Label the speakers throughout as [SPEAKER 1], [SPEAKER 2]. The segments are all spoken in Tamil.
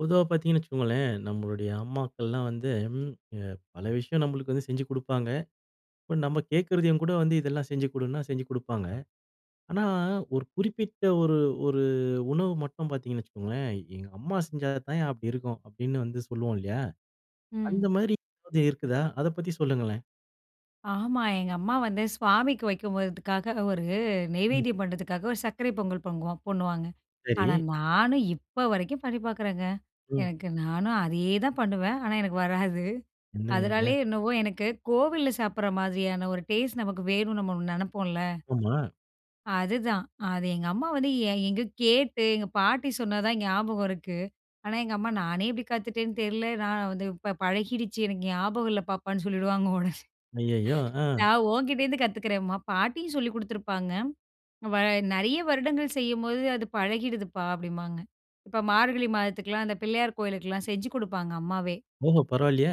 [SPEAKER 1] பொதுவா பாத்தீங்கன்னு வச்சுக்கோங்களேன், நம்மளுடைய அம்மாக்கள்லாம் வந்து, அ பல விஷயம் நம்மளுக்கு வந்து செஞ்சு குடுப்பாங்க. இப்போ நம்ம கேட்கிறதையும் கூட வந்து "இதெல்லாம் செஞ்சு கொடுன்னா" செஞ்சு குடுப்பாங்க. ஆனா, 1 குறிப்பிட்ட 1 1 உணவு மட்டும் பாத்தீங்கன்னு வச்சுக்கோங்களேன் "எங்க அம்மா செஞ்சா தான்யா அப்பிடி இருக்கும்" அப்டீன்னு வந்து சொல்லுவோம் இல்லயா? அந்த
[SPEAKER 2] ம்.
[SPEAKER 1] மாரி வகை இருக்குதா? அத பத்தி சொல்லுங்களேன்.
[SPEAKER 2] ஆமா. எங்க அம்மா வந்து சுவாமிக்கு வைக்கும் போதுக்காக, 1
[SPEAKER 1] ம்.
[SPEAKER 2] நெய்வேத்தியம் பண்ணுறதுக்காக, 1 சர்க்கரை பொங்கல் பொங்குவோம் பண்ணுவாங்க. ஆனா
[SPEAKER 1] சரி.
[SPEAKER 2] நானும், இப்ப வரைக்கும் பண்ணி பாக்குறேங்க.
[SPEAKER 1] ம்.
[SPEAKER 2] எனக்கு நானும் அதே தான் பண்ணுவேன். ஆனா எனக்கு வராது
[SPEAKER 1] என்னங்க நீங்க?
[SPEAKER 2] அதனாலே என்னவோ, எனக்கு கோவில்ல சாப்புட்ற மாதிரியான 1 டேஸ்ட் நமக்கு வேணுனு நம்ம நெனைப்போம்ல.
[SPEAKER 1] ஆமா.
[SPEAKER 2] அதுதான். அது எங்க அம்மா வந்து எ எங்கோ கேட்டு எங்க பாட்டி சொன்ன தான் ஞாபகம் இருக்கு. ஆனா எங்க அம்மா "நானே எப்பிடி காத்துட்டேன்னு தெரில. நான் வந்து ப இப்ப பழகிடுச்சு. எனக்கு ஞாபகம் இல்ல பாப்பான்னு" சொல்லிடுவாங்க ஒடனே
[SPEAKER 1] அய்யய்யோ! ஆ.
[SPEAKER 2] "நான் ஓங்கிட்டேருந்து கத்துக்கிறேன்ம்மா, பாட்டியும் சொல்லிக் குடுத்திருப்பாங்க. வ நெறைய வருடங்கள் செய்யும்போது அது பழகிடுது பா" அப்டீன்பாங்க. இப்போ மார்கழி மாதத்துக்கெல்லாம் அந்த பிள்ளையார் கோவிலுக்கெல்லாம் செஞ்சு குடுப்பாங்க அம்மாவே.
[SPEAKER 1] ஓஹோ! பரவால்லயே!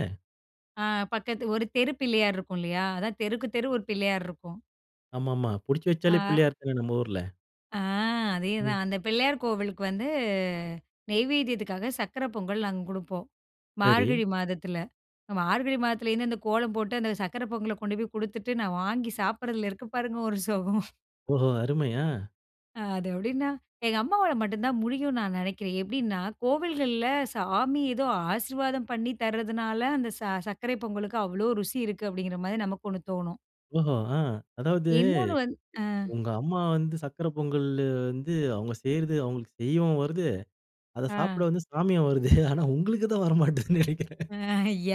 [SPEAKER 2] ஆ. பக்கத்து ஒரு தெரு பிள்ளையார் இருக்கும் இல்லையா? அதான் தெருக்கு தெரு ஒரு பிள்ளையார் இருக்கும்.
[SPEAKER 1] ஆமாமா. புடிச்சு வச்சாலே
[SPEAKER 2] ஆ.
[SPEAKER 1] பிள்ளையார் தானே நம்ம ஊர்ல!
[SPEAKER 2] ஆ. அதே
[SPEAKER 1] ம்.
[SPEAKER 2] தான். அந்த பிள்ளையார் கோவிலுக்கு வந்து நெய்வதியத்துக்காக, சர்க்கரை பொங்கல் நாங்க குடுப்போம்,
[SPEAKER 1] சரி.
[SPEAKER 2] மார்கழி மாதத்துல. மார்கழி மாதத்தில இருந்து அந்த கோலம் போட்டு, அந்த சர்க்கரை பொங்கலகொண்டு போய் குடுத்துட்டு நான் வாங்கி சாப்பட்றதுல இருக்கு பாருங்க ஒரு சுகம்.
[SPEAKER 1] ஓஹோ! அருமையா, அ.
[SPEAKER 2] அது எப்படின்னா, எங்க அம்மாவால மட்டும் தான் முடியும்னு நான் நினைக்கிறேன். எப்டின்னா கோவில்கள்ல சாமி ஏதோ ஆசீர்வாதம் பண்ணி தர்றதுனால அந்த ச சர்க்கரை பொங்கலுக்கு அவ்வளோ ருசி இருக்கு. அப்டிங்குற மாரி நமக்கு 1 தோணும்.
[SPEAKER 1] ஓஹோ! ஆ. அதாவது,
[SPEAKER 2] இன்னொன்னு வந்து. ஆ.
[SPEAKER 1] உங்க அம்மா வந்து சர்க்கரை பொங்கல் வந்து அவங்க செய்றது அவங்களுக்கு செய்யவும் வருது. அத
[SPEAKER 2] ஆ.
[SPEAKER 1] சாப்ட வந்து சாமியும் வருது. ஆனா உங்களுக்கு தான் வரமாட்டேங்குதுன்னு நினைக்கிறேன்.
[SPEAKER 2] ஆ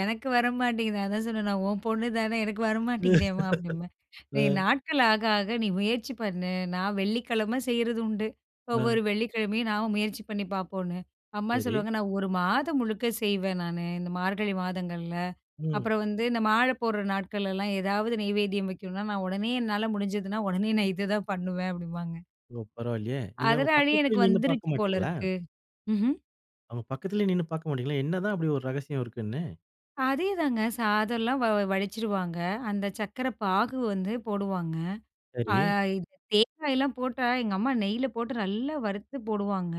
[SPEAKER 2] எனக்கு வர மாட்டேங்குது. அதான் சொன்னேன். நான் உன் பொண்ணு தானே எனக்கு
[SPEAKER 1] ம்.
[SPEAKER 2] வரமாட்டேங்குதேம்மா! அப்படிம்பேன். நீ
[SPEAKER 1] ம்.
[SPEAKER 2] நாட்கள் ஆக, ஆக நீ முயற்சி பண்ணு. நான் வெள்ளிக்கிழமை செய்யறது உண்டு.
[SPEAKER 1] அ.
[SPEAKER 2] ஒவ்வொரு வெள்ளிக்கிழமையும் நான் முயற்சி பண்ணி பார்ப்போம்ன்னு. அம்மா
[SPEAKER 1] சரி.
[SPEAKER 2] சொல்லுவாங்க நான் ஒரு மாதம் முழுக்க செய்வேன் நானு இந்த மார்கழி மாதங்கள்ல.
[SPEAKER 1] ம்.
[SPEAKER 2] அப்புறம் வந்து இந்த மாலை போட்ற நாட்கள்லாம் ஏதாவது நெய்வேத்தியம் வைக்கணும்னா நான் உடனே என்னால முடிஞ்சுதுனா உடனே நான் இததான் பண்ணுவேன். அப்படிம்பாங்க.
[SPEAKER 1] ஓ! பரவாயில்லையே, நீங்க அவங்க
[SPEAKER 2] அதனாலே
[SPEAKER 1] பக்கத்துலே
[SPEAKER 2] எனக்கு
[SPEAKER 1] நின்னு
[SPEAKER 2] வந்துருச்சு
[SPEAKER 1] பார்க்க
[SPEAKER 2] போல
[SPEAKER 1] மாட்டீங்களா?
[SPEAKER 2] இருக்கு. ம்ஹ்ம்.
[SPEAKER 1] அவுங்க பக்கத்லயே நின்னு பாக்க மாட்டீங்களா? என்ன தான் அப்டி ஒரு ரகசியம் இருக்குனு.
[SPEAKER 2] அதேதாங்க. சாதெல்லாம் வ வடிச்சுருவாங்க. அந்தச் சக்கர பாகு வந்து போடுவாங்க. அ
[SPEAKER 1] சரி.
[SPEAKER 2] இந்தத் தேங்காய்லாம் போட்டா எங்கம்மா நெய்ல போட்டு நல்லா வறுத்துப் போடுவாங்க.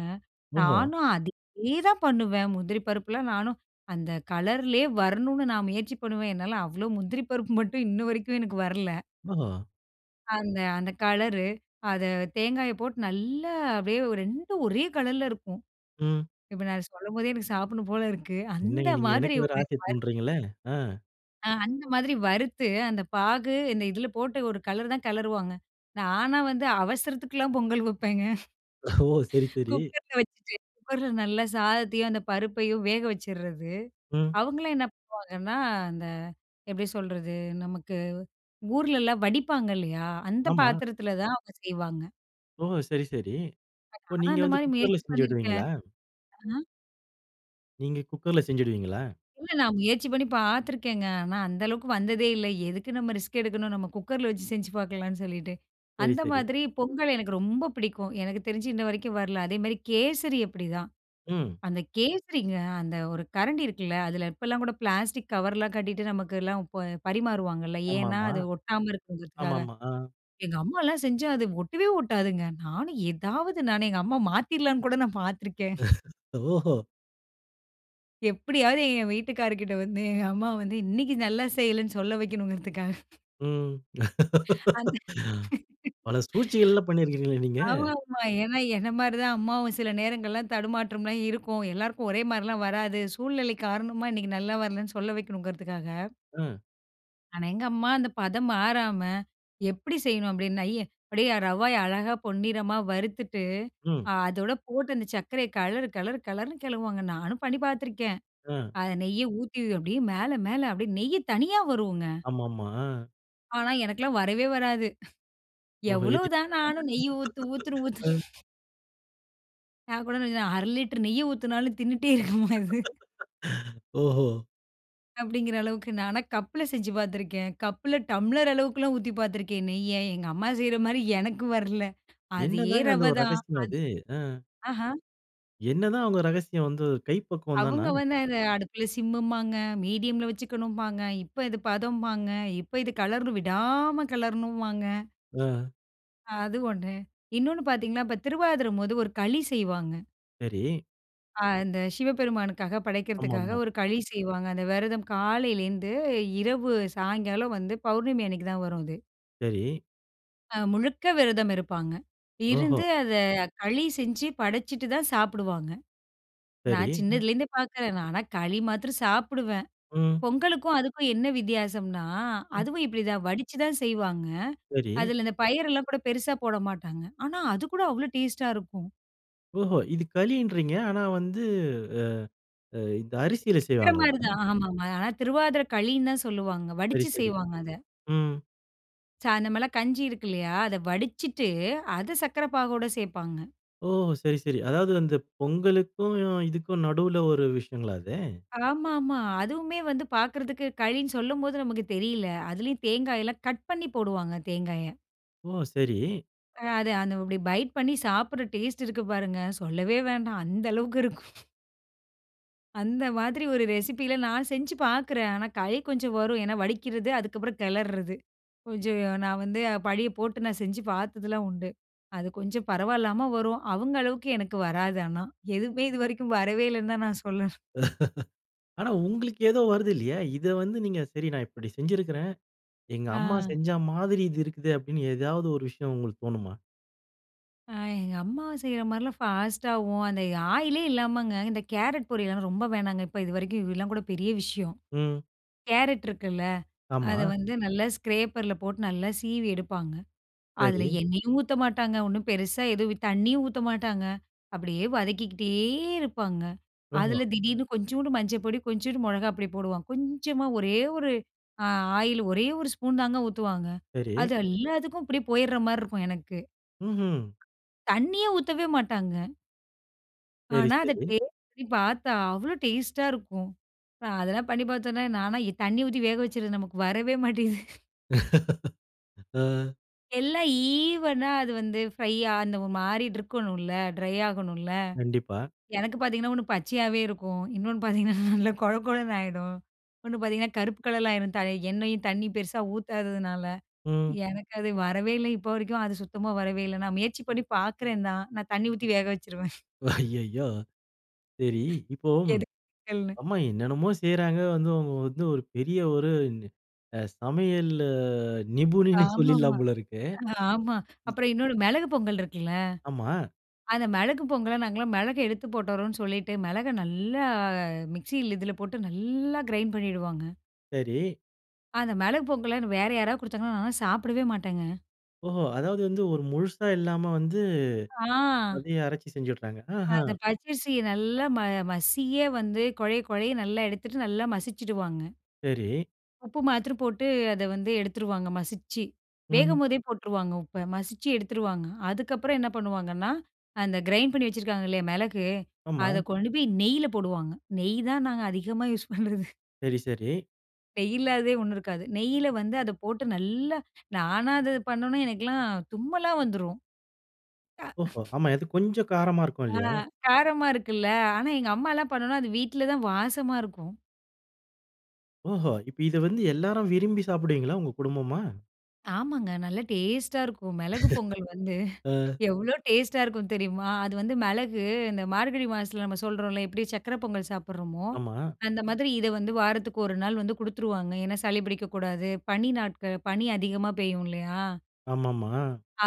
[SPEAKER 1] ஓஹோ!
[SPEAKER 2] நானும் அதேதான் பண்ணுவேன். முந்திரி பருப்பல்லாம் நானும் அந்த கலர்லயே வரணும்னு நான் முயற்சி பண்ணுவேன். என்னால அவ்ளவு முந்திரி பருப்பு மட்டும் இன்னு வரைக்கும் எனக்கு வரல.
[SPEAKER 1] ஓஹோ!
[SPEAKER 2] அந்த அந்த கலரு, அத தேங்காயப் போட்டு நல்லா அப்டியே ஒ 2ம் ஒரே கலர்ல இருக்கும்.
[SPEAKER 1] ம்.
[SPEAKER 2] இப்ப நான் சொல்லம் போதே எனக்குச் சாப்ட்ணும் போல இருக்கு. அந்த
[SPEAKER 1] என்னங்க நீங்க
[SPEAKER 2] மாதிரி
[SPEAKER 1] எனக்கு வேற
[SPEAKER 2] ஒரு அரு
[SPEAKER 1] ஆசைய
[SPEAKER 2] [unintelligible]
[SPEAKER 1] தூண்டுறீங்களே! ஆ.
[SPEAKER 2] ஆ அந்த மாதிரி வறுத்து, அந்தப் பாகு, இந்த இதுல போட்டு ஒரு கெளரு தான் கெளறுவாங்க. நானா வந்து அவசரத்துக்குலாம் பொங்கல் வப்பேங்க.
[SPEAKER 1] ஓ சரி, சரி.
[SPEAKER 2] குக்கர்ல வச்சுட்டு, குக்கர்ல நல்லா சாதத்தையும் அந்தப் பருப்பையும் வேக வச்சுர்றது.
[SPEAKER 1] ம்.
[SPEAKER 2] அவுங்களாம் என்ன பண்ணுவாங்கன்னா, அந்த எப்டி சொல்றது? நமக்கு ஊர்லலாம் வடிப்பாங்க இல்லயா? அந்த
[SPEAKER 1] ஆமா.
[SPEAKER 2] பாத்திரத்தில தான் அவுங்க செய்வாங்க.
[SPEAKER 1] ஓ! சரி, சரி. இப்போ
[SPEAKER 2] [unintelligible] நானும்
[SPEAKER 1] நீங்க
[SPEAKER 2] அந்த
[SPEAKER 1] வந்து
[SPEAKER 2] மாரி
[SPEAKER 1] குக்கர்ல
[SPEAKER 2] முயற்சி பண்ணிருக்கேன்.
[SPEAKER 1] செஞ்சுடுவீங்களா?
[SPEAKER 2] ஆ
[SPEAKER 1] நீங்க குக்கர்ல செஞ்சிடுவீங்களா?
[SPEAKER 2] இல்ல, நான் முயற்சி பண்ணி பார்த்துருக்கேங்க. ஆனா அந்த அளவுக்கு வந்ததே இல்ல. எதுக்கு நம்ப ரிஸ்க் எடுக்கணும்? நம்ப குக்கர்ல வச்சு செஞ்சு பார்க்கலாம்னு சொல்லிட்டு,
[SPEAKER 1] சரி,
[SPEAKER 2] அந்த
[SPEAKER 1] சரி.
[SPEAKER 2] மாதிரி பொங்கல் எனக்கு ரொம்ப பிடிக்கும். எனக்கு தெரிஞ்சு, இன்ன வரைக்கும் வரல. அதேமாதிரி, கேசரி அப்படிதான்.
[SPEAKER 1] ம்.
[SPEAKER 2] அந்த கேசரிங்க, அந்த ஒரு கரண்டி இருக்குல்ல, அதுல இப்போலாம் கூட பிளாஸ்டிக் கவர்லாம் கட்டிட்டு நமக்குலாம் இப்ப பரிமாறுவாங்கல்ல. ஏன்னா,
[SPEAKER 1] ஆமாமா.
[SPEAKER 2] அது ஒட்டாம இருக்குங்கறதுக்காக.
[SPEAKER 1] ஆமாமா. அ.
[SPEAKER 2] எங்க அம்மாலா செஞ்சா அது ஒட்டவே ஒட்டாதுங்க. நானும் எதாவது நான் எங்க அம்மா மாத்திடலாம்ன்னு கூட நான் பார்த்துருக்கேன்.
[SPEAKER 1] ஓஹோ!
[SPEAKER 2] எப்படியாவது என் வீட்டுக்காரர் கிட்ட வந்து, எங்க அம்மா வந்து இன்னைக்கு நல்லா செய்யலன்னு சொல்ல வைக்கணுங்கறதுக்காக
[SPEAKER 1] ம்.
[SPEAKER 2] அந்த
[SPEAKER 1] பல சூழ்ச்சிகள் எல்லாம் பண்ணியிருக்கிறீங்களே நீங்க!
[SPEAKER 2] ஆமாமா. ஏன்னா என்ன மாதிரி தான் அம்மாவும். சில நேரங்கள்லாம் தடுமாற்றம்லாம் இருக்கும், எல்லாருக்கும் ஒரே மாதிரிலாம் வராது. சூழ்நிலை காரணமா இன்னைக்கு நல்லா வரலைன்னு சொல்ல வைக்கணுங்குறதுக்காக
[SPEAKER 1] ம்.
[SPEAKER 2] ஆனா எங்க அம்மா அந்த பதம் மாறாம எப்படி செய்யணும் அப்டீன்னா, அப்படியே ரவய அழகா பொன்னிறமா வறுத்துட்டு,
[SPEAKER 1] ம்.
[SPEAKER 2] அதோடு போட்டு அந்த சர்க்கரைய கலரு, கலரு, கலருனு கலருவாங்க. நானும் பண்ணி பாத்துருக்கேன்.
[SPEAKER 1] அ.
[SPEAKER 2] அத நெய்ய ஊத்தி அப்படியே மேல மேல அப்படியே நெய் தனியா வரும்ங்க.
[SPEAKER 1] ஆமாமா. அ.
[SPEAKER 2] ஆனா, எனக்கலாம் வரவே வராது.
[SPEAKER 1] ஓஹோ!
[SPEAKER 2] எவ்ளோ
[SPEAKER 1] [unintelligible]
[SPEAKER 2] தான் நானும் நெய்யி ஊத்து ஊத்துன்னு
[SPEAKER 1] ம்.
[SPEAKER 2] ஊத்துற. நான் கூட ந 1/2 லிட்டர் நெய்ய ஊத்தினாலும் தின்னுட்டே இருக்குமா இது?
[SPEAKER 1] ஓஹோ!
[SPEAKER 2] அப்டீங்கிற அளவுக்கு நானா கப்ல செஞ்சு பாத்துருக்கேன். கப்ல டம்ளர் அளவுக்கெல்லாம் ஊத்தி பாத்துருக்கேன் நெய்ய எங்க அம்மா செய்ற மாரி எனக்கு வரல. அதே
[SPEAKER 1] என்னதாங்க
[SPEAKER 2] ரவ
[SPEAKER 1] அந்த ஒரு
[SPEAKER 2] தான். அதே
[SPEAKER 1] ரகசியம் அது? அ.
[SPEAKER 2] அஹா.
[SPEAKER 1] என்னதான் அவங்க ரகசியம் வந்து கைப்பக்குவம் தானா?
[SPEAKER 2] அவங்க வந்த அத, அடுப்புல சிம்மும்பாங்க. மீடியம்ல வச்சுக்கணும்பாங்க. இப்ப இது பதம்பாங்க. இப்ப இது கலரண் விடாம கேலரணுமாங்க.
[SPEAKER 1] அ.
[SPEAKER 2] அது ஒன்னு. இன்னொன்னு பாத்தீங்கன்னா இப்ப திருவாதுர போது 1 களி செய்வாங்க.
[SPEAKER 1] சரி.
[SPEAKER 2] அ அந்த சிவபெருமானுக்காக படைக்கிறதுக்காக
[SPEAKER 1] ஆமாமா.
[SPEAKER 2] 1 களி செய்வாங்க. அந்த வெரதம் காலையிலேந்து இரவு சாய்ங்காலம் வந்து பௌர்ணமி அன்னைக்கு தான் வரும் அது.
[SPEAKER 1] சரி.
[SPEAKER 2] அ முழுக்க விரதம் இருப்பாங்க.
[SPEAKER 1] ஓஹோ!
[SPEAKER 2] இருந்து அத களி செஞ்சி படச்சிட்டு தான் சாப்பிடுவாங்க.
[SPEAKER 1] சரி.
[SPEAKER 2] நான்
[SPEAKER 1] அ!
[SPEAKER 2] சின்னதில இருந்தே பாக்குறேன் நான். ஆனா, களி மாத்திரம் சாப்பிடுவேன்.
[SPEAKER 1] ம்.
[SPEAKER 2] பொங்கலுக்கும் அதுக்கும் என்ன வித்யாசம்னா?
[SPEAKER 1] ம்.
[SPEAKER 2] அதுவும் இப்டி தான் வடிச்சி தான் செய்வாங்க.
[SPEAKER 1] சரி.
[SPEAKER 2] அதில இந்த பயிரெல்லாம் கூட பெருசா போடமாட்டாங்க. ஆனா, அது கூட அவ்ளோ டேஸ்ட்‌டா இருக்கும்
[SPEAKER 1] ஓஹோ! இது களின்றீங்க. ஆனா, வந்து அ, அ. இந்த அரிசியில
[SPEAKER 2] வேற
[SPEAKER 1] செய்வாங்களா?
[SPEAKER 2] மாரி தான் அ. ஆமாமா. ஆனா திருவாதிர களின்னு தான் சொல்லுவாங்க.
[SPEAKER 1] சரி,
[SPEAKER 2] வடிச்சு
[SPEAKER 1] சரி.
[SPEAKER 2] செய்வாங்க அத.
[SPEAKER 1] ம்.
[SPEAKER 2] சா நம்மல்லாம் கஞ்சி இருக்கில்லையா? அத வடிச்சிட்டு, அத சர்க்கரை பாகோட சேர்ப்பாங்க.
[SPEAKER 1] ஓ! சரி சரி. அதாவது அந்த பொங்கலுக்கும், இதுக்கும் நடுவ்ல ஒரு விஷயங்ளா அது?
[SPEAKER 2] ஆமாமா. அதுவுமே வந்து பார்க்குறதுக்கு கழினு சொல்லும்போது, நமக்கு தெரியல. அதிலயும் தேங்காய்லாம் கட் பண்ணி போடுவாங்க தேங்காய.
[SPEAKER 1] ஓ! சரி.
[SPEAKER 2] அ அது இப்டி பைட் பண்ணி சாப்ட்ற டேஸ்ட் இருக்கு பாருங்க. சொல்லவே வேண்டாம், அந்த அளவுக்கு இருக்கும். அந்த மாதிரி ஒரு ரெசிப்பில நான் செஞ்சு பார்க்கிறேன். ஆனா, கை கொஞ்சம் வரும். ஏன்னா, வடிக்கிறது அதுக்கப்புறம், கெளர்றது. கொஞ்சம் நான் வந்து பழிய போட்டு, நான் செஞ்சு பார்த்ததுலாம் உண்டு. அது கொஞ்சம் பரவாயில்லாம வரும். அவுங்க அளவுக்கு எனக்கு வராது ஆனா. எதுவுமே இதுவரைக்கும் வரவே இல்லன்னு தான் நான் சொல்லனும்.
[SPEAKER 1] ஆனா உங்களுக்கு ஏதோ வருது இல்லயா? இத வந்து நீங்க, சரி நான் இப்டி செஞ்சிருக்றேன். "எங்க அம்மா
[SPEAKER 2] ஆ.
[SPEAKER 1] செஞ்ச மாதிரி இது இருக்குது," அப்டினு ஏதாவது ஒரு விஷயம் உங்களுக்கு தோணுமா?
[SPEAKER 2] அ. எங்க அம்மா செய்ற மாதிரிலாம் ஃபாஸ்ட்டாவும் அந்த ஆயிலே இல்லாமங்க, இந்த கேரட் பொரியல்லாங்க, ரொம்ப வேணாங்க. இப்ப இதுவரைக்கும், இதெல்லாம் கூட பெரிய விஷயம்.
[SPEAKER 1] ம்.
[SPEAKER 2] கேரட் இருக்குல, அத
[SPEAKER 1] ஆமா.
[SPEAKER 2] வந்து நல்லா ஸ்க்ரேப்பர்ல போட்டு, நல்லா சீவி எடுப்பாங்க. அதுல
[SPEAKER 1] சரி.
[SPEAKER 2] எண்ணெயும் ஊத்த மாட்டாங்க, ஒன்னும் பெருசா எதுவும், தண்ணியும் ஊத்த மாட்டாங்க. அப்டியே வதக்கிக்கிட்டே இருப்பாங்க.
[SPEAKER 1] ஓஹோ!
[SPEAKER 2] அதுல திடீர்னு கொஞ்சூண்டு மஞ்சப்பொடி, கொஞ்சூண்டு மொளகாய் பொடி போடுவாங்க. கொஞ்சமா ஒரே ஒரு அ ஆயில் ஒரே ஒரு ஸ்பூன் தாங்க ஊத்துவாங்க.
[SPEAKER 1] சரி.
[SPEAKER 2] அது எல்லாத்துக்கும் அப்டியே போயிட்ற மாதிரி இருக்கும் எனக்கு.
[SPEAKER 1] ம்ஹும்.
[SPEAKER 2] தண்ணீயே ஊத்தவே மாட்டாங்க.
[SPEAKER 1] சரி,
[SPEAKER 2] ஆனா, அத
[SPEAKER 1] சரி.
[SPEAKER 2] டேஸ்டு பார்த்தா அவ்வளோ டேஸ்ட்டா இருக்கும். அதெல்லாம் பண்ணி பார்த்த உடனே நான்லாம் தண்ணீர் ஊத்தி வேக வச்சது நமக்கு வரவே மாட்டேங்குது.
[SPEAKER 1] ஆ.
[SPEAKER 2] எல்லாம் ஈவனா அது வந்து ஃப்ரையா அந்த ஒரு மாறிட்டு இருக்கணும்ல ட்ரை ஆகணும்ல?
[SPEAKER 1] கண்டிப்பா.
[SPEAKER 2] எனக்கு பாத்தீங்கன்னா, ஒண்ணு பச்சையாகவே இருக்கும். இன்னொன்னு பாத்தீங்கன்னா நல்ல கொழ கொழன்னு ஆகிடும். ஒண்ணு பாத்தீங்கன்னா, கருப்பு கலர்லாம் ஆயிடும். எண்ணெயும் தண்ணீ பெருசா ஊத்தாதுனால.
[SPEAKER 1] ம்.
[SPEAKER 2] எனக்கு அது வரவே இல்ல. இப்ப வரைக்கும் அது சுத்தமா வரவே இல்ல, நான் முயற்சி பண்ணி பாக்குறேன் தான். நான் தண்ணீ ஊத்தி வேக வச்சுருவேன்
[SPEAKER 1] ஐயய்யோ! சரி, இப்போ
[SPEAKER 2] எதுக்கு. [unintelligible]
[SPEAKER 1] அம்மா என்னன்னமோ செய்யுறாங்க, வந்து அவங்க வந்து ஒரு பெரிய ஒரு சமையல் நிபுணனின்னு
[SPEAKER 2] ஆமாமா,
[SPEAKER 1] சொல்லிடலாம் போல இருக்கே!
[SPEAKER 2] ஆமா.
[SPEAKER 1] ம்.
[SPEAKER 2] அப்புறம் இன்னொரு மிளகு பொங்கல் இருக்குல்ல?
[SPEAKER 1] ஆமா.
[SPEAKER 2] அந்த மிளகு பொங்கல்ல நாங்கலாம் மிளக எடுத்து போட்டுறோம்ன்னு, சொல்லிட்டு மிளக நல்லா மிக்ஸியில இதுல போட்டு நல்லா கிரைண்ட் பண்ணிவிடுவாங்க.
[SPEAKER 1] சரி.
[SPEAKER 2] அந்த மிளகு பொங்கலன்னு வேற யாராவது குடுத்தாங்கன்னா நானெல்லாம் சாப்பிடவே மாட்டேங்க.
[SPEAKER 1] ஓஹோ! அதாவது வந்து ஒரு முழுசா இல்லாம வந்து
[SPEAKER 2] ஆ.
[SPEAKER 1] அத அரைச்சு செஞ்சுடுறாங்க.
[SPEAKER 2] அந்த
[SPEAKER 1] ஆஹ்ம்.
[SPEAKER 2] பச்சரிசிய நல்லா ம மசியே வந்து கொழைய கொழைய நல்லா எடுத்துட்டு, நல்லா மசிச்சிடுவாங்க.
[SPEAKER 1] சரி.
[SPEAKER 2] உப்பு மாத்தரம் போட்டு அத வந்து எடுத்துடுவாங்க, மசிச்சி
[SPEAKER 1] ம்.
[SPEAKER 2] வேகும்போதே போட்டுருவாங்க. உப்ப மசிச்சி எடுத்துருவாங்க. அதற்கப்புறம் என்ன பண்ணுவாங்கன்னா, அந்த கிரைண்ட் பண்ணி வைச்சிருக்காங்க இல்லயா, மிளகு
[SPEAKER 1] ஆமா.
[SPEAKER 2] அத கொண்டு போய் நெய்யில போடுவாங்க. நெய் தான் நாங்க அதிகமா யூசு பண்ணுறது.
[SPEAKER 1] சரி, சரி.
[SPEAKER 2] நெய்யிலாததே 1 இருக்காது. நெய்யில வந்து அத போட்டு நல்லா நானா அத பண்ணணும்னா எனக்கெல்லாம் தும்மலா வந்துரும். அ.
[SPEAKER 1] ஓஹோ! ஆமா, இது கொஞ்சம் காரமா இருக்கும்
[SPEAKER 2] ஆ
[SPEAKER 1] இல்லையா?
[SPEAKER 2] காரமா இருக்குல்ல. ஆனா எங்க அம்மாலாம் பண்ணுனா, அது வீட்டில தான் வாசமா இருக்கும்.
[SPEAKER 1] ஓஹோ! இப்ப இத வந்து எல்லாரும் விரும்பி சாப்பிடுவீங்களா, உங்க குடும்பமா?
[SPEAKER 2] ஆமங்க! நல்லா டேஸ்ட்டா இருக்கும். மிளகு பொங்கல் வந்து
[SPEAKER 1] அ.
[SPEAKER 2] எவ்ளோ டேஸ்ட்டா இருக்கும் தெரியுமா? அது வந்து மிளகு. இந்த மார்கழி மாசத்தில நம்ம சொல்றோம்ல்ல எப்படி சக்கர பொங்கல் சாப்பிடறோமோ,
[SPEAKER 1] ஆமா.
[SPEAKER 2] அந்த மாதிரி இத வந்து வாரத்துக்கு 1 நாள் வந்து குடுத்துருவாங்க. ஏன்னா சளி பிடிக்கக்கூடாது. பனி நாட்கள் பனி அதிகமா பெய்யும் இல்லையா?
[SPEAKER 1] ஆமாமா.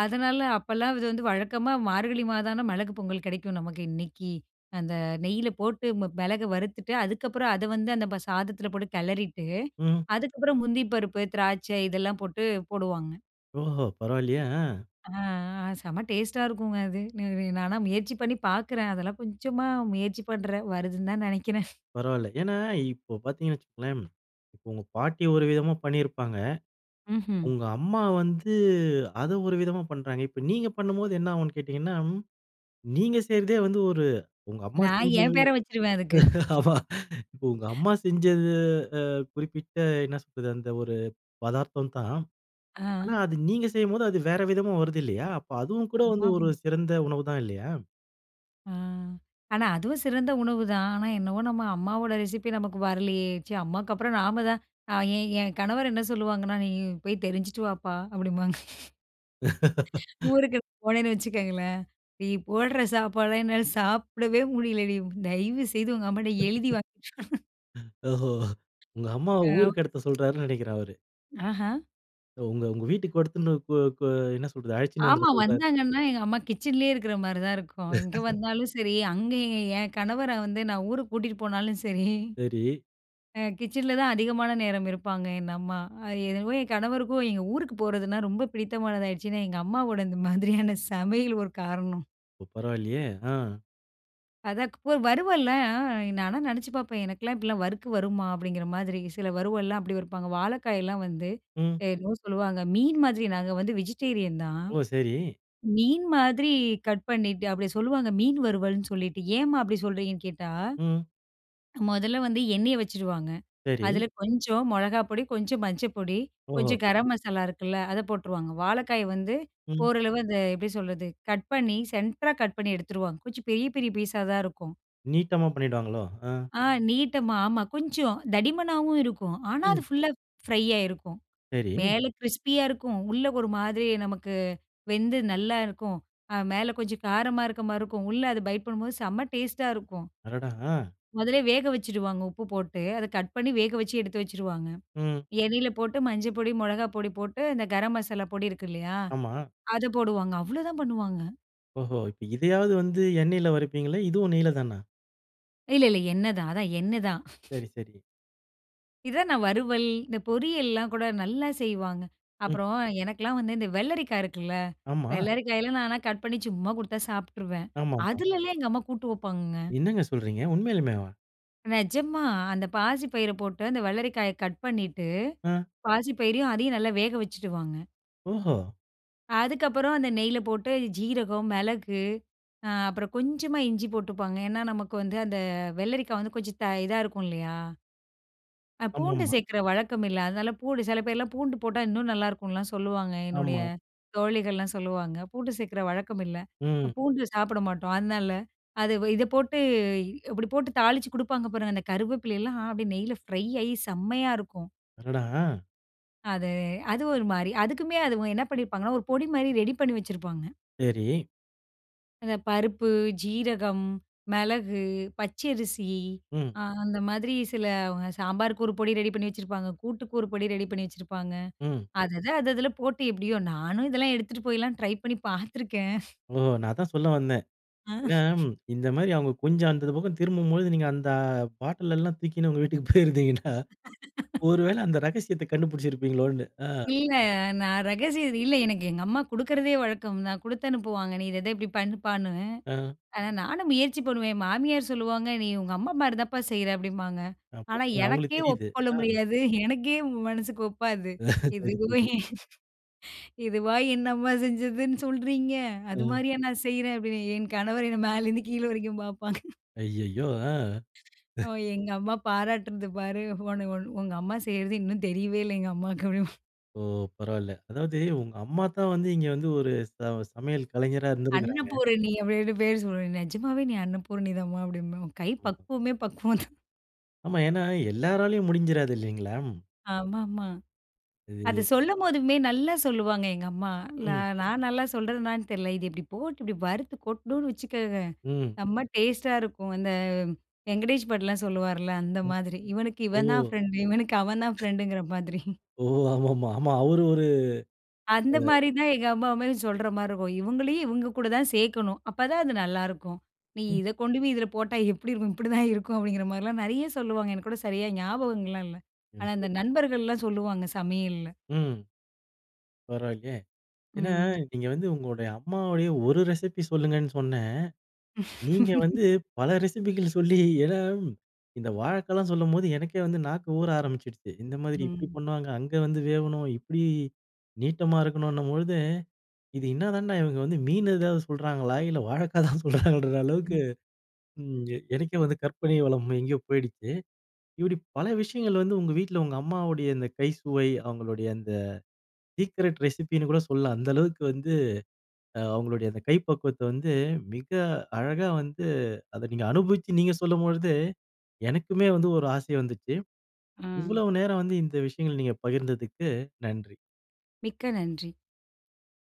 [SPEAKER 2] அதனால அப்பல்லாம் இத வந்து வழக்கமா, மார்கழி மாதம்னா மிளகு பொங்கல் கெடைக்கும் நமக்கு இன்னைக்கு. அந்த நெய்யில போட்டு, ம மிளக வறுத்துட்டு, அதுக்கப்பறம் அத வந்து அந்த ப சாதத்தில போட்டு கெளறிட்டு,
[SPEAKER 1] ம்.
[SPEAKER 2] அதுக்கப்புறம் முந்திரி பருப்பு, திராட்சை இதெல்லாம் போட்டு போடுவாங்க.
[SPEAKER 1] ஓஹோ! பரவால்லயே. ஆ.
[SPEAKER 2] அ செம டேஸ்ட்டா இருக்குங்க அது. இது நான்லாம் முயற்சி பண்ணி பார்க்குறேன். அதெல்லாம் கொஞ்சமா முயற்சி பண்றேன். வருதுன்னு தான் நெனைக்கிறேன்.
[SPEAKER 1] பரவால்ல. ஏன்னா இப்போ பாத்தீங்கனா வச்சுகோங்களேன், இப்ப உங்க பாட்டி ஒரு விதமா பண்ணியிருப்பாங்க.
[SPEAKER 2] ம்ஹ்ம்.
[SPEAKER 1] உங்க அம்மா வந்து, அத ஒரு விதமா பண்றாங்க. இப்ப நீங்க பண்ணும்போது என்ன ஆகும்னு கேட்டீங்கன்னா, நீங்க செய்றதே வந்து ஒரு உங்க அம்மா
[SPEAKER 2] நான்
[SPEAKER 1] செஞ்சது
[SPEAKER 2] என் பேர வச்சுருவேன் அதுக்கு.
[SPEAKER 1] ஆமா இப்ப உங்க அம்மா செஞ்சது அ குறிப்பிட்ட என்னா சொல்றது? அந்த ஒரு பதார்த்தம் தான். ஆனா
[SPEAKER 2] ஆ.
[SPEAKER 1] அது நீங்க செய்யும்போது அது வேற விதமா வருது இல்லையா? அப்ப அதுவும் கூட வந்து ஒரு
[SPEAKER 2] ஆமாமா.
[SPEAKER 1] சிறந்த உணவு தான் இல்லையா?
[SPEAKER 2] ஆ ஆனா அதுவும் சிறந்த உணவுதான். ஆனா என்னவோ நம்ம அம்மாவோட ரெசிப்பி நமக்கு வரலயே! ச்சே! அம்மாக்கப்புறம் நாம தான். அ ஏன் ஏன் கணவரு என்ன சொல்லுவாங்கன்னா, "நீ போய் தெரிஞ்சுட்டு வாப்பா" அப்பிடிம்பாங்க. ஊருக்கு போனேன்னு வச்சுக்கங்களேன்! "நீ போடுற சாப்பாட என்னால சாப்பிடவே முடியலடி. தயவுசெய்து உங்க அம்மாட்ட எழுதி வாங்கி"
[SPEAKER 1] அ ஓஹோ! உங்க அம்மாவ
[SPEAKER 2] ஆ.
[SPEAKER 1] ஊருக்கு எடுத்து சொல்றாருன்னு நினைக்கிறேன் அவரு.
[SPEAKER 2] ஆஹம்.
[SPEAKER 1] உங்க உங்க வீட்டுக்கு [unintelligible] கு கு என்ன சொல்றது? அழைச்சின்னு வந்துட
[SPEAKER 2] ஆமா.
[SPEAKER 1] சொல்றாரு
[SPEAKER 2] வந்தாங்கன்னா, எங்க அம்மா கிச்சன்லே இருக்கிறமாரி தான் இருக்கும். இங்க வந்தாலும் சரி, அங்க ஏ ஏன் கணவர வந்து நான் ஊருக்கு கூட்டிட்டு போனாலும் சரி,
[SPEAKER 1] சரி.
[SPEAKER 2] அ கிச்சன்ல தான் அதிகமான நேரம் இருப்பாங்க. என் அம்மா. அது என்னவோ என் கணவருக்கும் எங்க ஊருக்கு போறதுன்னா ரொம்ப பிடித்தமானதா ஆயிடுச்சுன்னா, எங்க அம்மாவோட இந்த மாதிரியான சமையல் ஒரு காரணம்.
[SPEAKER 1] ஒ பரவாயில்லயே! ஆ.
[SPEAKER 2] அதான் க் ப வறுவல்ல. ஆ நானா நெனச்சு பார்ப்பேன். எனக்குலாம் இப்பிடிலாம் வறுக்கு வருமா! அப்பிடிங்கிற மாதிரி. சில வறுவல்லாம் அப்பிடி வருப்பாங்க. வாழைக்காய்லாம் வந்து
[SPEAKER 1] ம்.
[SPEAKER 2] என்னவோ சொல்லுவாங்க. மீன் மாதிரி நாங்க வந்து வெஜிடேரியன் தான்.
[SPEAKER 1] ஓ! சரி.
[SPEAKER 2] மீன் மாதிரி கட் பண்ணிட்டு, அப்பிடி சொல்வாங்க மீன் வறுவல்ன்னு சொல்லிட்டு ஏம்மா அப்பிடி சொல்றீங்கன்னு கேட்டா,
[SPEAKER 1] ம்.
[SPEAKER 2] முதல்ல வந்து எண்ணெய வச்சுருவாங்க.
[SPEAKER 1] சரி.
[SPEAKER 2] அதில கொஞ்சம் மிளகா பொடி, கொஞ்சம் மஞ்ச பொடி,
[SPEAKER 1] ஓஹோ!
[SPEAKER 2] கொஞ்சம் கரம் மசாலா இருக்குல்ல, அத போட்டுருவாங்க. வாழைக்காய வந்து
[SPEAKER 1] ம்.
[SPEAKER 2] ஓரளவு அந்த எப்பிடி சொல்றது, கட் பண்ணி சென்டரா கட் பண்ணி எடுத்துருவாங்க. கொஞ்சம் பெரிய பெரிய பீஸா தான் இருக்கும்.
[SPEAKER 1] நீட்டமா பண்ணிடுவாங்களோ! அ.
[SPEAKER 2] ஆ நீட்டமா. ஆமா. கொஞ்சம் தடிமனாவும் இருக்கும். ஆனா, அது
[SPEAKER 1] ம்.
[SPEAKER 2] ஃபுல்லா ஃப்ரையா இருக்கும்.
[SPEAKER 1] சரி.
[SPEAKER 2] மேலே கிரிஸ்பியா இருக்கும். உள்ள ஒரு மாதிரி நமக்கு வெந்து நல்லா இருக்கும். அ மேல கொஞ்சம் காரமா இருக்கமாரி இருக்கும். உள்ள அத பைட் பண்ணும்போது, செம டேஸ்டா இருக்கும்.
[SPEAKER 1] அடடா! ஆ.
[SPEAKER 2] முதலே வேக வச்சுடுவாங்க. உப்பு போட்டு. அத கட் பண்ணி வேக வச்சு எடுத்து வச்சுருவாங்க.
[SPEAKER 1] ம்.
[SPEAKER 2] எண்ணெயில போட்டு மஞ்ச பொடி, மிளகா பொடி போட்டு இந்த கரம் மசாலா பொடி இருக்கு இல்லயா!
[SPEAKER 1] ஆமா.
[SPEAKER 2] அத போடுவாங்க. அவ்ளோதான் பண்ணுவாங்க.
[SPEAKER 1] ஓஹோ, இப்ப இதையாவது வந்து எண்ணெயில வருப்பீங்களா? இதுவும் நெய்ல தானா?
[SPEAKER 2] இல்ல, இல்ல. எண்ணெ தான். அதான் எண்ணெ தான்.
[SPEAKER 1] சரி சரி.
[SPEAKER 2] இதான் நான், வறுவல், இந்த பொரியல்லாம் கூட நல்லா செய்வாங்க!
[SPEAKER 1] ம்.
[SPEAKER 2] அப்புறம் எனக்கெல்லாம் வந்து இந்த வெள்ளரிக்கா இருக்குல்ல.
[SPEAKER 1] ஆமா.
[SPEAKER 2] வெள்ளரிக்காயல்லாம் நான்லாம் கட் பண்ணி சும்மா குடுத்தா சாப்ட்ருவேன்.
[SPEAKER 1] ஆமாம்பா.
[SPEAKER 2] அதிலலாம் எங்க அம்மா கூட்டு வப்பாங்கங்க!
[SPEAKER 1] என்னங்க சொல்றீங்க! உண்மையிலேமேவா?
[SPEAKER 2] நெஜமா, அந்த பாசி பயிர போட்டு, அந்த வெள்ளரிக்காய கட் பண்ணிட்டு,
[SPEAKER 1] அ.
[SPEAKER 2] பாசி பயிரையும், அதையும் நல்லா வேக வச்சுடுவாங்க.
[SPEAKER 1] ஓஹோ!
[SPEAKER 2] அதுக்கப்புறம், அந்த நெய்ல போட்டு சீரகம், மிளகு, ஆ, அப்புறம் கொஞ்சமா இஞ்சி போட்டுப்பாங்க. ஏன்னா, நமக்கு வந்து அந்த வெள்ளரிக்கா வந்து கொஞ்சம் த இதா இருக்கும் இல்லயா! அ பூண்டு
[SPEAKER 1] ஆமாமா.
[SPEAKER 2] சேக்கற வழக்கம் இல்ல. அதனால பூண்டு சில பேர்லாம் பூண்டு போட்டா இன்னும் நல்லாருக்குன்லாம் சொல்லுவாங்க. என்னுடைய
[SPEAKER 1] ஆமா.
[SPEAKER 2] தோழிகள்லாம் சொல்லுவாங்க. பூண்டு சேர்க்கிற வழக்கம் இல்ல.
[SPEAKER 1] ம்.
[SPEAKER 2] பூண்டு சாப்பிட மாட்டோம். அதனால அது வ இத போட்டு, இ இப்பிடி போட்டு தாளிச்சு குடுப்பாங்க. பாருங்க, இந்த கருவேப்பிலையெல்லாம் அப்பிடியே நெய்ல ஃப்ரை ஆயி செம்மையா இருக்கும்!
[SPEAKER 1] அடடா! அ
[SPEAKER 2] அது, அது ஒரு மாரி, அதுக்குமே அது என்ன பண்ணிருப்பாங்கன்னா, 1 பொடி மாரி ரெடி பண்ணி வச்சிருப்பாங்க.
[SPEAKER 1] சரி.
[SPEAKER 2] அந்த பருப்பு, ஜீரகம், மிளகு, பச்சரிசி
[SPEAKER 1] ம்.
[SPEAKER 2] அ அந்த மாதிரி சிலவுங்க சாம்பார் 1 பொடி ரெடி பண்ணி வச்சிருப்பாங்க. கூட்டுக்கு 1 பொடி ரெடி பண்ணி வச்சிருப்பாங்க.
[SPEAKER 1] ம்.
[SPEAKER 2] அதத, அது அதுல போட்டு எப்பிடியோ நானும் இதெல்லாம் எடுத்துட்டு போயிலாம் ட்ரை பண்ணி பார்த்துருக்கேன்.
[SPEAKER 1] ஓ! நான் அதான் சொல்ல வந்தேன்.
[SPEAKER 2] ஆ
[SPEAKER 1] ஏன்னா, இந்த மாரி அவுங்க கொஞ்சம் அந்த பக்கம் திரும்பும்போது நீங்க அந்த பாட்டில் எல்லாம் தூக்கின்னு உங்க வீட்டுக்கு போயிருந்தீங்கன்னா, 1 வேள அந்த ரகசியத்த கண்டுபிடித்திருப்பீங்களோன்னு? ஆ.
[SPEAKER 2] இல்ல, நான் ரகசியம் அது இல்ல. எனக்கு எங்க அம்மா குடுக்குறதே வழக்கம் தான். குடுத்து அனுப்புவாங்க, நீ இத, இத இப்பிடி பண்ணப்பான்னு.
[SPEAKER 1] ஆ.
[SPEAKER 2] ஆனா, நானும் முயற்சி பண்ணுவேன், என் மாமியார் சொல்லுவாங்க, நீ உங்க அம்மா மாரிதாம்ப்பா செய்யுற அப்பிடிம்பாங்க.
[SPEAKER 1] அப்ப
[SPEAKER 2] ஆனா,
[SPEAKER 1] பாருங்க அவுங்களுக்கு
[SPEAKER 2] எனக்கே
[SPEAKER 1] தெரியுது.
[SPEAKER 2] ஒப்புக்கொள்ள
[SPEAKER 1] ஆ.
[SPEAKER 2] முடியாது. எனக்கே மனசுக்கு ஒப்பாது
[SPEAKER 1] சரி,
[SPEAKER 2] இதுவும்
[SPEAKER 1] சரி
[SPEAKER 2] இதுவா என்ன அம்மா செஞ்சதுன்னு சொல்லுறீங்க? அது
[SPEAKER 1] ஆ.
[SPEAKER 2] மாதிரியே நான் செய்யுறேன், அப்டீன்னு என் கணவர் என்னைய மேலேருந்து கீழ வரைக்கும் பாப்பாங்க.
[SPEAKER 1] ஐய்யயோ! ஆ.
[SPEAKER 2] ஒ எங்க அம்மா பாராட்டுனது பாரு, உன உன் உங்க அம்மா செய்யுறது இன்னும் தெரியவே இல்ல எங்க அம்மாவுக்கு அப்பிடிம்பா
[SPEAKER 1] ஓ! பரவாயில்ல. அதாவது உங்க அம்மா தான் வந்து இங்கே வந்து 1 ச சமையல் கலைஞராக இருந்திருக்குறாங்க.
[SPEAKER 2] அன்னபூரணி அப்டீன்னு பேர் சொல்வேன், நிஜமாவே நீ அன்னபூரணி தாம்மா அப்பிடிம்பேன். உன் கை
[SPEAKER 1] ம்.
[SPEAKER 2] பக்குவமே பக்குவம் தான்
[SPEAKER 1] ஆமா. ஏன்னா, எல்லாராலயும் முடிஞ்சிராது இல்லீங்களா?
[SPEAKER 2] ஆமாமா. அத
[SPEAKER 1] இது.
[SPEAKER 2] சொல்லும் போதுமே நல்லா சொல்லுவாங்க எங்க அம்மா. நா
[SPEAKER 1] ம்.
[SPEAKER 2] நான் நல்லா சொல்றேனான்னு தெர்ல. "இது இப்பிடி போட்டு இப்பிடி வறுத்து கொட்டுணோம்னு வச்சுக்கோங்க,
[SPEAKER 1] ம்.
[SPEAKER 2] செம்ம டேஸ்ட்‌ டா இருக்கும்." அந்த, வெங்கடேஷ் பட் லாம் சொல்லுவார்ல, அந்த
[SPEAKER 1] ம்.
[SPEAKER 2] மாத்ரி. "இவனுக்கு
[SPEAKER 1] ஓ!
[SPEAKER 2] இவன் தான் ஃபிரெண்ட் டு. இவனுக்கு அவன் தான் ஃபிரெண்டுங்குற" மாத்ரி
[SPEAKER 1] ஓ! ஆமா மா- ஆமா அவரு ஒரு
[SPEAKER 2] அந்த
[SPEAKER 1] அ.
[SPEAKER 2] மாரி தான் எங்க அம்மாவுமே சொல்ற மாரி இருக்கும். "இவங்களயும் இவங்க கூட தான் சேக்கணும். அப்பதான் அது நல்லாருக்கும் நீ
[SPEAKER 1] ம்.
[SPEAKER 2] இத கொண்டு போயி இதுல போட்டா, எப்புடி இருக்கும்? இப்படிதான் இருக்கும் அப்டீங்குற மாதிரிலாம் நெறைய சொல்லுவாங்க. எனக்கு கூட சரியா ஞாபகங்கள்லாம் இல்ல. ஆனா, அந்த
[SPEAKER 1] [unintelligible]
[SPEAKER 2] நண்பர்கள்லாம் சொல்லுவாங்க சமையல்ல.
[SPEAKER 1] ம். பரவால்லயே! ஏன்னா
[SPEAKER 2] ம்.
[SPEAKER 1] நீங்க வந்து உங்களுடைய அம்மாவுடைய ஒரு ரெசிப்பி சொல்லுங்கன்னு சொன்னேன். நீங்க வந்து பல ரெசிப்பிகள் சொல்லி ஏன்னா இந்த வாழைக்காலாம் சொல்லும்போது எனக்கே வந்து நாக்கு ஊற ஆரம்பிச்சுடுச்சு, "இந்த மாதிரி இப்பிடி
[SPEAKER 2] ம்.
[SPEAKER 1] பண்ணுவாங்க, அங்கே வந்து வேவணும், இப்டி நீட்டமா இருக்கணுன்னும்" பொழுது, "இது என்னதாண்டா! இவுங்க வந்து மீன் எதாவது சொல்கிறாங்களா? இல்ல வாழைக்காய் தான் சொல்றாங்களான்ற" அளவுக்கு
[SPEAKER 2] ம்.
[SPEAKER 1] ம் எனக்கே வந்து கற்பனை வளம் எங்கேயோ போய்டுச்சு. இப்புடி பல விஷயங்கள் வந்து உங்க வீட்ல உங்க அம்மாவுடைய இந்த கை சுவை அவங்களுடைய அந்த சீக்ரெட் ரெசிபி ன்னு கூட சொல்லலாம். அந்த அளவுக்கு வந்து அவங்களுடைய அந்த கை பக்குவத்த வந்து மிக அழகா வந்து, அத நீங்க அனுபவிச்சு நீங்க சொல்லும்பொழுது, எனக்குமே வந்து ஒரு ஆசை வந்துச்சு.
[SPEAKER 2] ஆ.
[SPEAKER 1] இவ்வளோ நேரம் வந்து இந்த விஷயங்கள் நீங்க பகிர்ந்ததற்கு நன்றி.
[SPEAKER 2] மிக்க நன்றி.